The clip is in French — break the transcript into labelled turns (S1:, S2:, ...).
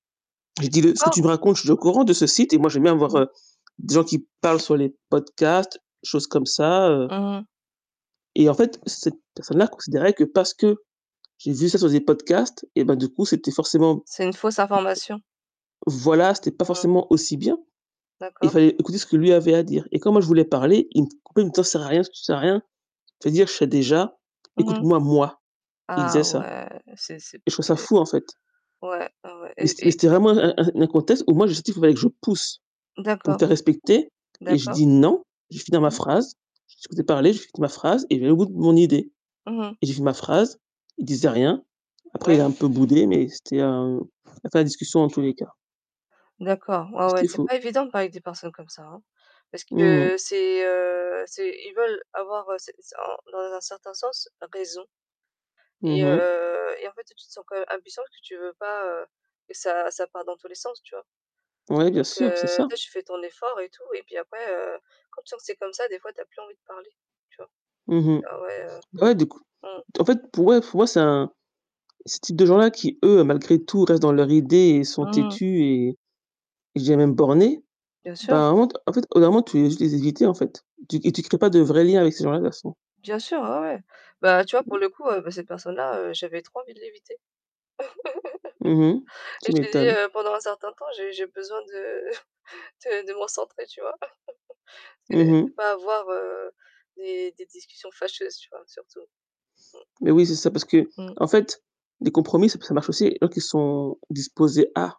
S1: J'ai dit: «Le
S2: [unintelligible]
S1: ce que
S2: quoi?
S1: tu me racontes, je suis déjà au courant de ce site et moi j'aime bien avoir,
S2: Mmh mh.
S1: heu, des gens qui parlent sur les podcasts, choses comme ça, heu».
S2: Mmh mh.
S1: Et en fait, cette personne-là considérait que parce que, j'ai vu ça sur des podcasts, et bah, du coup c'était forcément
S2: C'est une fausse information.
S1: voilà, c'était pas
S2: Mmh.
S1: forcément aussi bien. Il
S2: D'accord.
S1: fallait écouter ce que lui avait à dire. Et quand moi je voulais parler, il me coupait pour me dire: «Ça sert à rien, s tu sers à rien. Ce que tu vas dire je sais déjà,
S2: Mmh mh.
S1: écoute-moi moi». Il disait
S2: Ah,
S1: ça.
S2: ouais! C'est c'est p
S1: Et je trouve ça
S2: c'est
S1: fou en fait.
S2: ouais, ouais, ouais,
S1: Mais
S2: et
S1: c'était mais
S2: et
S1: c'était vraiment un un un contexte où moi [unintelligible] je pousse, pour me
S2: D'accord.
S1: faire respecter et je
S2: D'accord.
S1: dit: «Non, je vais finir ma
S2: Oui.
S1: phrase. Je t’ai écouté parler, je vais finir ma phrase», et j'allais au bout de mon idée.
S2: Mmh mh.
S1: Et j'ai fini ma phrase, il disait rien. Après, il
S2: Ouais.
S1: a un peu boudé, mais c'était un il y a pas la discussion dans tous les cas.
S2: D'accord, ouais, ouais,
S1: C'était
S2: c'est
S1: faux.
S2: pas évident de parler avec des personnes comme ça, hein. Parce
S1: Mmh
S2: que
S1: mh.
S2: c'est, heu, c'est ils veulent avoir, heu c'est c'est en dans un certain sens, raison.
S1: Mmh
S2: Et, heu,
S1: mh.
S2: heu heu, et en fait, toi tu te sens quand même impuissant parce que tu veux pas, heu, que ça ça parte dans tous les sens, tu vois?
S1: Ouais bien
S2: Donc,
S1: sûr, c'est
S2: heu,
S1: ça.
S2: toi tu fais ton effort et tout, et puis après, heu, quand tu sens que c'est comme ça, des fois, tu as plus envie de parler, tu vois?
S1: Mmh mh.
S2: Ah, ouais, heu
S1: Bah ouais de coup
S2: mmh.
S1: en fait pour eux ouais c’est un ces types de gens-là qui eux malgré tout restent dans leur idée et sont
S2: Mmh mh.
S1: têtus et et je dirais même bornés,
S2: Bien
S1: ben, à
S2: sûr.
S1: un moment t en fait, au bout d'un moment tu veux juste les éviter, en fait. Tu et tu crées pas de vrais liens avec ces gens-là de toute façon.
S2: Bien sûr, ah, ouais! Bah, tu vois, pour
S1: [unintelligible]
S2: le coup, heu, bah, cette personne-là, heu, j'avais trop envie de l'éviter.
S1: Mmh mh,
S2: Et
S1: tu
S2: je lui ai
S1: m'étonnes.
S2: dit: «Heu, pendant un certain temps, j'ai j'ai besoin de de de me recentrer», tu vois?
S1: Mmh
S2: C'est c'est
S1: mh.
S2: pas avoir, heu, des des discussions fâcheuses, tu vois, surtout. Mmh.
S1: Mais oui c'est ça, parce
S2: Mmh.
S1: qu'en fait, les compromis ça p ça marche aussi avec les gens qui sont disposés à.